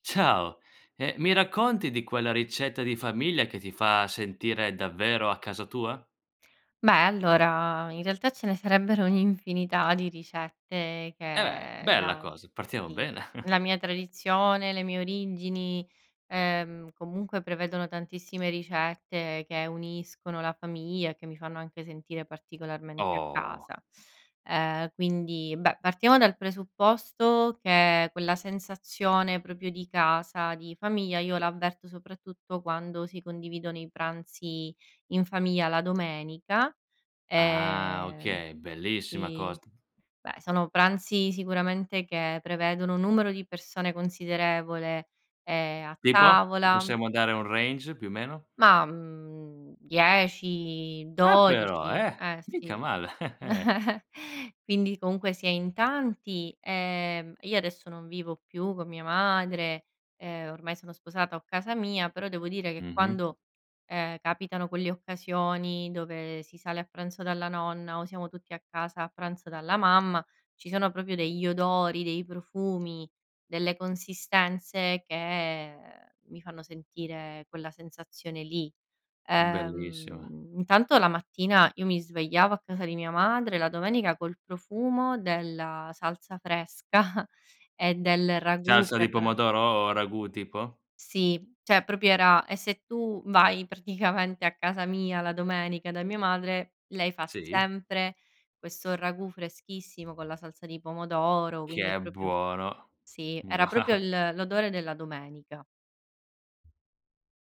Ciao! Ehm, mi racconti di quella ricetta di famiglia che ti fa sentire davvero a casa tua? Beh allora in realtà ce ne sarebbero un'infinità di ricette Eh beh, che, bella la cosa, partiamo sì, bene. la mia tradizione, le mie origini, ehm, comunque prevedono tantissime ricette che uniscono la famiglia e che mi fanno anche sentire particolarmente a Oh. casa. Ehm, quindi, beh, partiamo dal presupposto che quella sensazione proprio di casa, di famiglia, io l'avverto soprattutto quando si condividono i pranzi in famiglia la domenica, Ah ehm okay, bellissima sì, cosa. beh sono pranzi sicuramente che prevedono numero di persone considerevole ehm a Tipo? Ne tavola possiamo dare un range più meno? Ma, mhmm, dieci, Ah però, dodici eh! eh Mica sì, male. quindi comunque si è in tanti, ehm, io adesso non vivo più con mia madre, ehm, ormai sono sposata ho casa mia, però devo dire che Mh-mh. quando, ehm, capitano quelle occasioni dove si sale a pranzo dalla nonna o siamo tutti a casa a pranzo dalla mamma, ci sono proprio degli odori, dei profumi, delle consistenze che mi fanno sentire quella sensazione lì, Bellissima. uhm, intanto la mattina io mi svegliavo a casa di mia madre, la domenica col profumo della salsa fresca e del ragù Salsa di prepara pomodoro o ragù tipo? Sì, cioè proprio era e se tu vai praticamente a casa mia, la domenica, da mia madre, lei fa Sì? sempre questo ragù freschissimo con la salsa di pomodoro, Che quindi è è proprio buono. sì, era proprio Wow. l l'odore della domenica.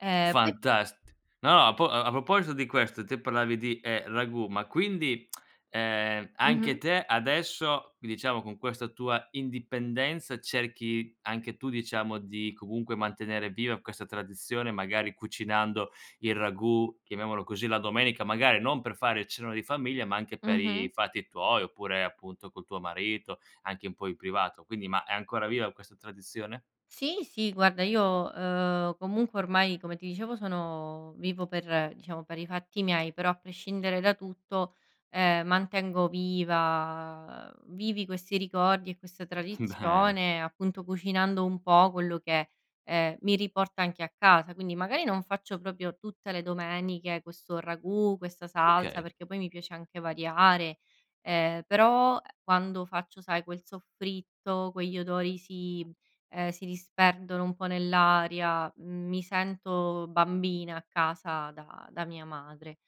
Eh poi Fantast no a po a a proposito di questo, te parlavi di, ehm, ragù, ma quindi ehm, anche Mh-mh. te adesso, diciamo, con questa tua indipendenza cerchi anche tu diciamo di, comunque mantenere viva questa tradizione magari cucinando il ragù, chiamiamolo così, la domenica, magari non per fare il cenone di famiglia ma anche per Mh-mh. i fatti tuoi, oppure appunto, col tuo marito, anche un po' in privato, quindi ma è ancora viva questa tradizione? Sì, sì, guarda io, ehm comunque ormai come ti dicevo sono, vivo per, diciamo per i fatti miei però a prescindere da tutto, ehm, mantengo viva, ehm vivi questi ricordi e questa Bene. tradizione appunto cucinando un po' quello che, ehm, mi riporta anche a casa, quindi magari non faccio proprio tutte le domeniche questo ragù, questa salsa, Okay. perché poi mi piace anche variare, ehm, però, quando faccio sai quel soffritto, quegli odori si, ehm si disperdono un po' nell'aria, mi sento bambina a casa da da mia madre,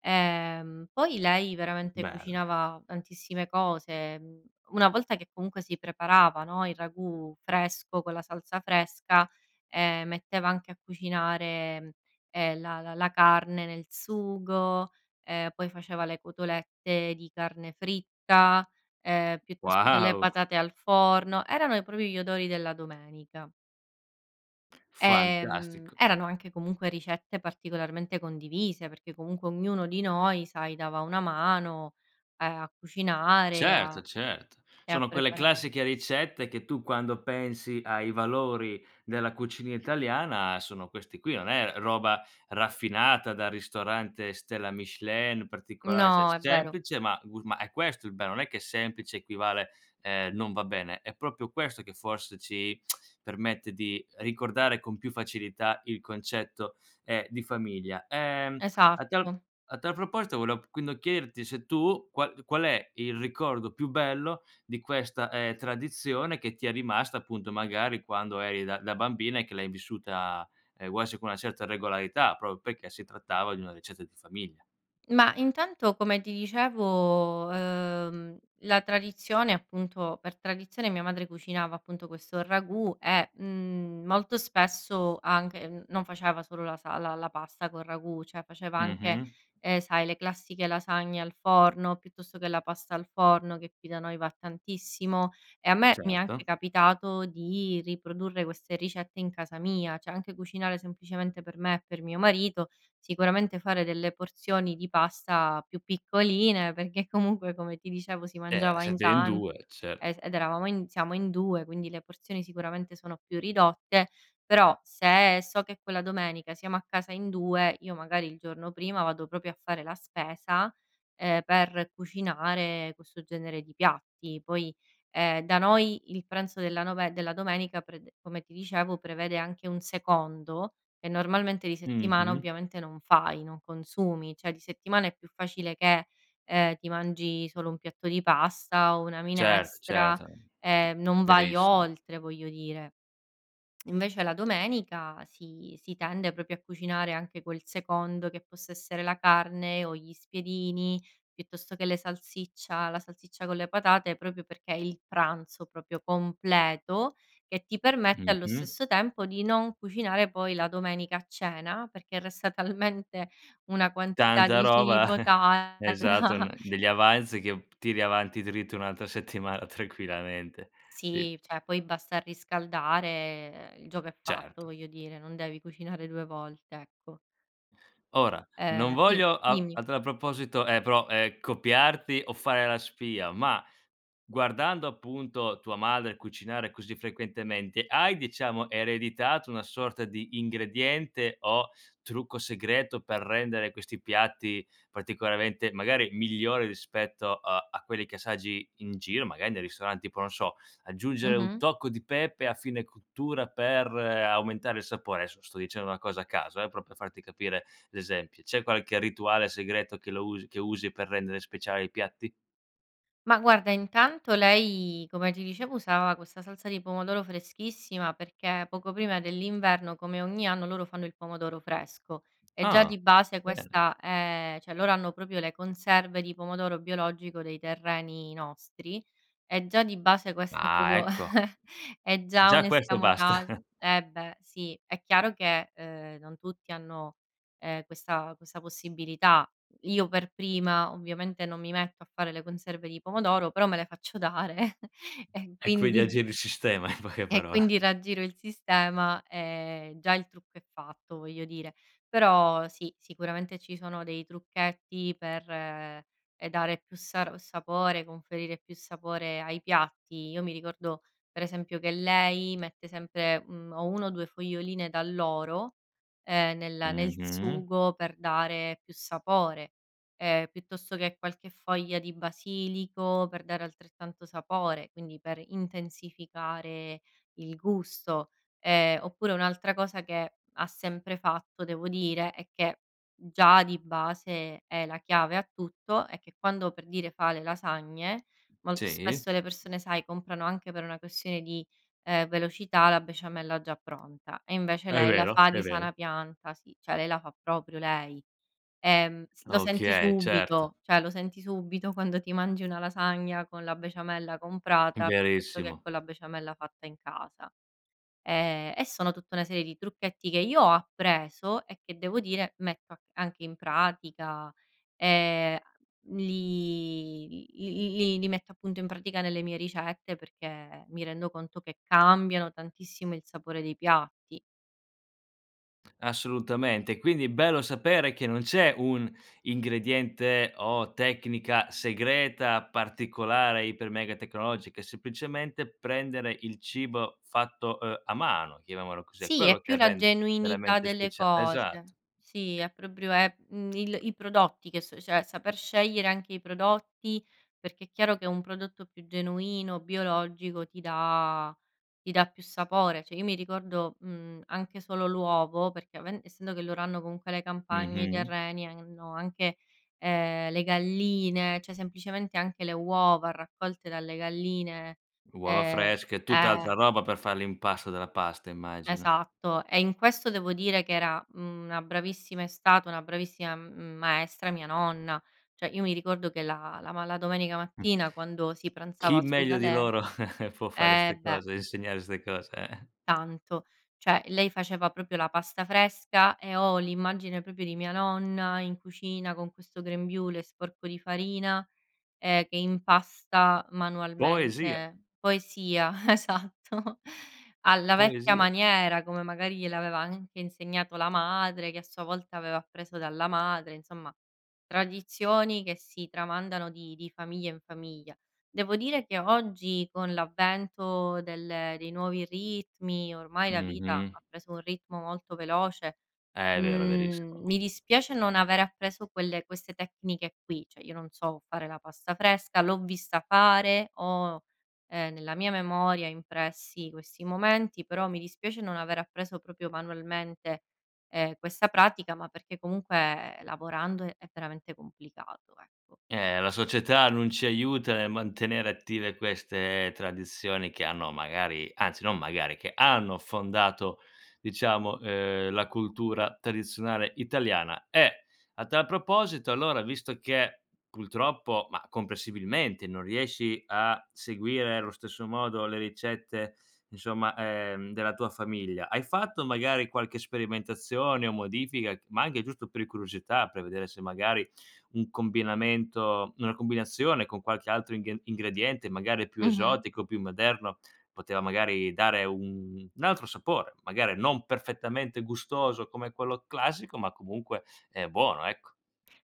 ehm, poi lei veramente Bene. cucinava tantissime cose, mhmm, una volta che comunque si preparava, no, il ragù fresco con la salsa fresca, ehm, metteva anche a cucinare, ehm, la la la carne nel sugo, ehm, poi faceva le cotolette di carne fritta, ehm, piuttosto che le Wow. patate al forno, erano e proprio gli odori della domenica. Ehm, Fantastico. erano anche comunque ricette particolarmente condivise perché comunque ognuno di noi sai, dava una mano, ehm, a cucinare, a Certo certo, e a sono quelle preparare. classiche ricette che tu quando pensi ai valori della cucina italiana, sono questi qui, non è roba raffinata da ristorante stella Michelin, particolare, cioè No, è vero. semplice ma gurm ma è questo il bello, non è che semplice equivale, ehm, non va bene, è proprio questo che forse ci permette di ricordare con più facilità il concetto, ehm, di famiglia, ehm, a tal Esatto. a tal proposito volev quindi chiederti se tu, qual qual è il ricordo più bello di questa, ehm, tradizione che ti è rimasta appunto magari quando eri da da bambina e che l'hai vissuta, ehm, vuoi, sì, con una certa regolarità, proprio perché si trattava di una ricetta di famiglia. Ma intanto come ti dicevo, ehm, la tradizione, appunto, per tradizione mia madre cucinava appunto questo ragù e, mhmm, molto spesso anche n non faceva solo la sal la la pasta col ragù, cioè faceva anche, Mh-mh. ehm, sai le classiche lasagne al forno, piuttosto che la pasta al forno che qui da noi va tantissimo, e a me mi è anche Certo. capitato di riprodurre queste ricette in casa mia, cioè anche cucinare semplicemente per me e per mio marito, sicuramente fare delle porzioni di pasta più piccoline perché comunque come ti dicevo si Eh, mangiava in siete in tan 2, e certo. ed eravamo in siamo in 2 quindi le porzioni sicuramente sono più ridotte, però se so che quella domenica siamo a casa in 2 io magari il giorno prima vado proprio a fare la spesa, ehm, per cucinare questo genere di piatti poi, ehm, da noi il pranzo della nove della domenica prede come ti dicevo prevede anche un secondo e normalmente di settimana Mh-mh. ovviamente non fai, non consumi, cioè di settimana è più facile che, ehm, ti mangi solo un piatto di pasta o una Certo minestra, certo, c ehm, non vai chiarissimo. oltre voglio dire, invece la domenica si si tende proprio a cucinare anche quel secondo che possa essere la carne o gli spiedini, piuttosto che le salsiccia la salsiccia con le patate, proprio perché il pranzo proprio completo che ti permette allo Mh-mh. stesso tempo di non cucinare poi la domenica a cena perché resta talmente una quantità Tanta di roba cibo tale esatto da n degli avanzi che p tiri avanti dritto un'altra settimana tranquillamente, si. Sì cioè poi basta riscaldare, il gioco è fatto, Certo. voglio dire, non devi cucinare 2 volte, ecco. Ora, non Eh si, voglio a dimmi. a tal proposito, ehm, però, ehm, copiarti o fare la spia ma, guardando appunto tua madre cucinare così frequentemente, hai diciamo ereditato una sorta di ingrediente o trucco segreto per rendere questi piatti particolarmente, magari, migliori rispetto, uhm, a quelli che assaggi in giro, magari nei ristoranti, poi non so, aggiungere un Mh-mh. tocco di pepe a fine cottura per aumentare il sapore, adesso sto dicendo una cosa a caso eh, però per farti capire l'esempio. C'è qualche rituale segreto che lo usi che usi per rendere speciale i piatti? Ma guarda intanto lei, come ti dicevo, usava questa salsa di pomodoro freschissima perché poco prima dell'inverno, come ogni anno, loro fanno il pomodoro fresco e già Ah, di base bene. questa è cioè loro hanno proprio le conserve di pomodoro biologico dei terreni nostri, e già di base questo è Ah [unintelligible] ecco. è già Già questo basta. un'escamotage eh beh, sì, è chiaro che, ehm, non tutti hanno, ehm, questa questa possibilità, io per prima ovviamente non mi metto a fare le conserve di pomodoro, però me le faccio dare e E quindi quindi aggiri il sistema in poche e paro quindi raggiro il sistema, ehm, già il trucco è fatto, voglio dire, però sì, sicuramente ci sono dei trucchetti per, ehm dare più sar sapore, conferire più sapore ai piatti, io mi ricordo, per esempio, che lei mette sempre, mhmm, o 1 o 2 foglioline d'alloro, ehm, nel nel Mh-mh. sugo per dare più sapore, ehm, piuttosto che qualche foglia di basilico per dare altrettanto sapore, quindi per intensificare il gusto, ehm, oppure un'altra cosa che ha sempre fatto devo dire e che, già di base è la chiave a tutto, è che quando per dire fa le lasagne molto Sì. spesso le persone sai, comprano anche per una questione di, ehm, velocità la besciamella già pronta e invece È lei la vero, fa è di vero. sana pianta, sì, cioè lei la fa proprio lei, ehm s lo senti Okay, certo. subito cioè lo senti subito quando ti mangi una lasagna con la besciamella comprata, piuttosto che Verissimo. con la besciamella fatta in casa, ehm, e sono tutta una serie di trucchetti che io ho appreso e che devo dire metto a c anche in pratica, ehm, li l li metto appunto in pratica nelle mie ricette perché mi rendo conto che cambiano tantissimo il sapore dei piatti. Assolutamente e quindi bello sapere che non c'è un ingrediente o tecnica segreta particolare iper mega tecnologica, è semplicemente prendere il cibo fatto, uhm, a mano, chiamiamolo così, è Sì è quello più che la rende genuinità veramente delle specia cose, esatto. sì, è proprio è, mhmm, il i prodotti che s cioè saper scegliere anche i prodotti, perché chiaro che un prodotto più genuino, biologico ti dà ti dà più sapore, cioè io mi ricordo, mhmm, anche solo l'uovo perché aven essendo che loro hanno comunque le campagne, i Mh-mh. terreni e hanno anche, ehm, le galline, cioè semplicemente anche le uova raccolte dalle galline Uova ehm fresche, è eh tutt'altra roba per far l'impasto della pasta immagino. esatto e in questo devo dire che era mhmm una bravissima è stata una bravissima m maestra mia nonna, cioè io mi ricordo che la la ma la domenica Mh. mattina quando si pranzava Chi su da meglio di lei loro può fare eh ste beh cose, insegnare ste cose, eh. tanto, cioè lei faceva proprio la pasta fresca e ho l'immagine proprio di mia nonna in cucina, con questo grembiule sporco di farina, ehm, che impasta Poesia. manualmente poesia esatto, alla vecchia Poesia. maniera come magari gliel'aveva anche insegnato la madre, che a sua volta aveva appreso dalla madre, insomma, tradizioni che si tramandano di di famiglia in famiglia, devo dire che oggi con l'avvento del dei nuovi ritmi ormai la vita Mh-mh. ha preso un ritmo molto veloce, Eh, vero, mhmm, verissimo. mi dispiace non avere appreso quelle queste tecniche qui, cioè io non so fare la pasta fresca, l'ho vista fare, ho, ehm, nella mia memoria impressi questi momenti, però mi dispiace non aver appreso proprio manualmente, ehm, questa pratica ma perché comunque lavorando è veramente complicato ecco. Eh la società non ci aiuta nel mantenere attive queste tradizioni che hanno magari, anzi, non magari che hanno fondato, diciamo, ehm, la cultura tradizionale italiana e a tal proposito allora visto che, purtroppo, ma, comprensibilmente, non riesci a seguire lo stesso modo le ricette, insomma ehm, della tua famiglia, hai fatto magari qualche sperimentazione o modifica c ma anche giusto per curiosità, per vedere se magari un combinamento una combinazione con qualche altro inghe ingrediente magari più Mh-mh. esotico, più moderno, poteva magari dare un un altro sapore, magari non perfettamente gustoso come quello classico ma comunque, ehm, buono ecco.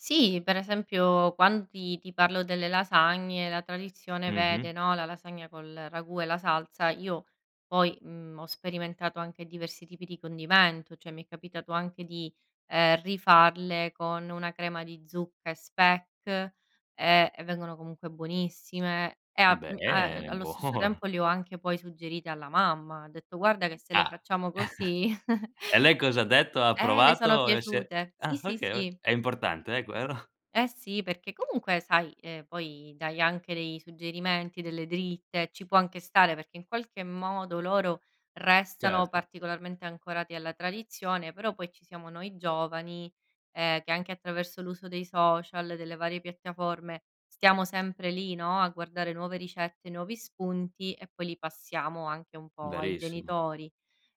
Sì, per esempio quan ti ti parlo delle lasagne la tradizione Mh-mh. vede, no, la lasagna col ragù e la salsa, io poi, mhmm, ho sperimentato anche diversi tipi di condimento, cioè mi è capitato anche di, ehm, rifarle con una crema di zucca e speck, ehm, e vengono comunque buonissime e a m a Bene allo stesso buono. tempo le ho anche poi suggerite alla mamma, ho detto guarda che se le Ah. facciamo così E lei cos'ha detto? Ha eh, le sono approvato e se piaciute, sì, ah sì, okay o sì. è importante eh, qu ero? Eh si, perché comunque sai, ehm poi, dai anche dei suggerimenti, delle dritte, ci può anche stare perché in qualche modo loro restano Certo. particolarmente ancorati alla tradizione, però poi ci siamo noi giovani, ehm, che anche attraverso l'uso dei social, delle varie piattaforme, stiamo sempre lì, no, a guardare nuove ricette, nuovi spunti e poi li passiamo anche un po' ai Verissimo. genitori,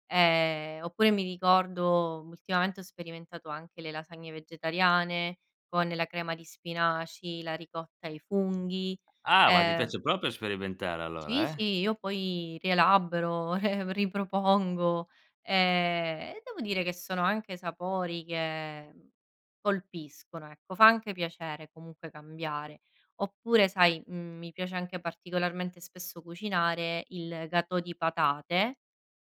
ehm, oppure mi ricordo ultimamente ho sperimentato anche le lasagne vegetariane, con la crema di spinaci, la ricotta ai funghi, Ah ma ti ehm piace proprio sperimentare Sì, allora, eh? sì, io poi rielaboro ripropongo, ehm, e devo dire che sono anche sapori che, mhmm, colpiscono ecco, fa anche piacere comunque cambiare, oppure sai, mhmm, mi piace anche particolarmente spesso cucinare il gâteau di patate,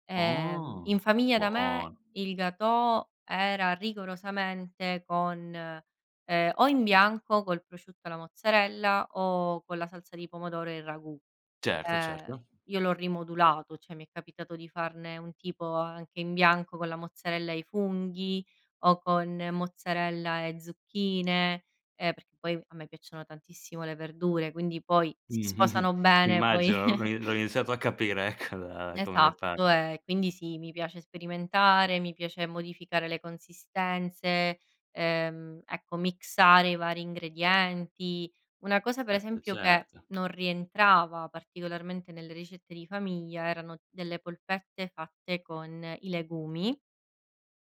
ehm, in Oh, famiglia da me buono. il gâteau era rigorosamente con, ehm, o in bianco col prosciutto e la mozzarella o con la salsa di pomodoro e il ragù, Certo, ehm, certo. io l'ho rimodulato, cioè mi è capitato di farne un tipo anche in bianco con la mozzarella e i funghi o con mozzarella e zucchine, ehm, perché poi a me piacciono tantissimo le verdure quindi poi Mh, si sposano bene, poi immagino, l'ho i l'ho iniziato a capire ecco, da come ne Esatto parli. e quindi sì, mi piace sperimentare, mi piace modificare le consistenze, ehm, ecco mixare i vari ingredienti. Una cosa per Eh esempio che certo. non rientrava particolarmente nelle ricette di famiglia erano delle polpette fatte con i legumi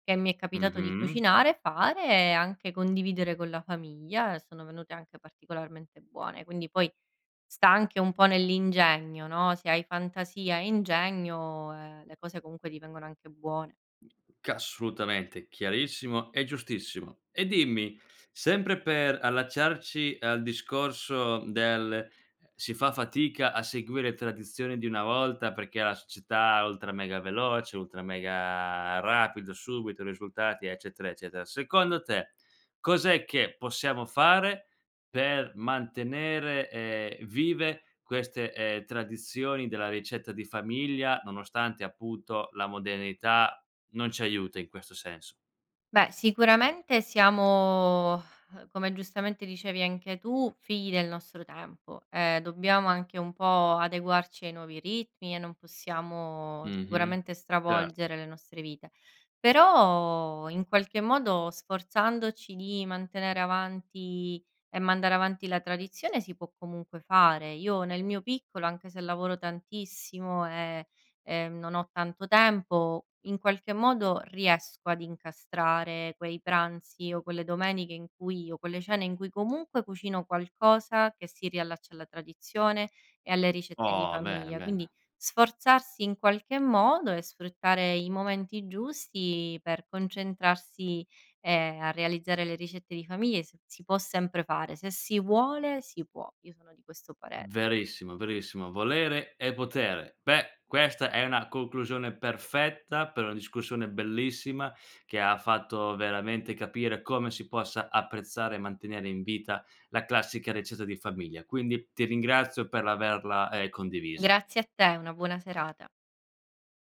che mi è capitato di Mh-mh. cucinare, fare e anche condividere con la famiglia e sono venute anche particolarmente buone, quindi poi 'sta anche un po' nell'ingegno, no, se hai fantasia e ingegno, ehm, le cose comunque ti vengono anche buone. Assolutamente chiarissimo e giustissimo, e dimmi, sempre per allacciarci al discorso, mhmm, del, ehm, si fa fatica a seguire tradizioni di una volta perché la società ultra mega veloce, ultra mega rapido, subito, risultati, eccetera, eccetera, secondo te, cos'è che possiamo fare per mantenere, ehm, vive queste, ehm, tradizioni della ricetta di famiglia, nonostante appunto, la modernità non ci aiuta in questo senso? Beh, sicuramente siamo uhm, come giustamente dicevi anche tu, figli del nostro tempo. Ehm, dobbiamo anche un po' adeguarci ai nuovi ritmi, e non possiamo Mh-mh, sicuramente certo. stravolgere le nostre vite, però in qualche modo sforzandoci di mantenere avanti e mandare avanti la tradizione si può comunque fare. Io nel mio piccolo, anche se lavoro tantissimo, e e non ho tanto tempo, in qualche modo riesco ad incastrare quei pranzi o quelle domeniche, in cui io quelle cene in cui comunque cucino qualcosa che si riallaccia alla tradizione, e alle ricette di Oh, bene, famiglia. bene. Quindi, sforzarsi in qualche modo e sfruttare i momenti giusti per concentrarsi e a realizzare le ricette di famiglia, si si può sempre fare. Se si vuole si può. Io sono di questo pare Verissimo, verissimo, volere è potere. Beh, questa è una conclusione perfetta, per una discussione bellissima, che ha fatto veramente capire come si possa apprezzare, e mantenere in vita la classica ricetta di famiglia. Quindi ti ringrazio per l'averla, ehm, condivisa. Grazie a te, una buona serata.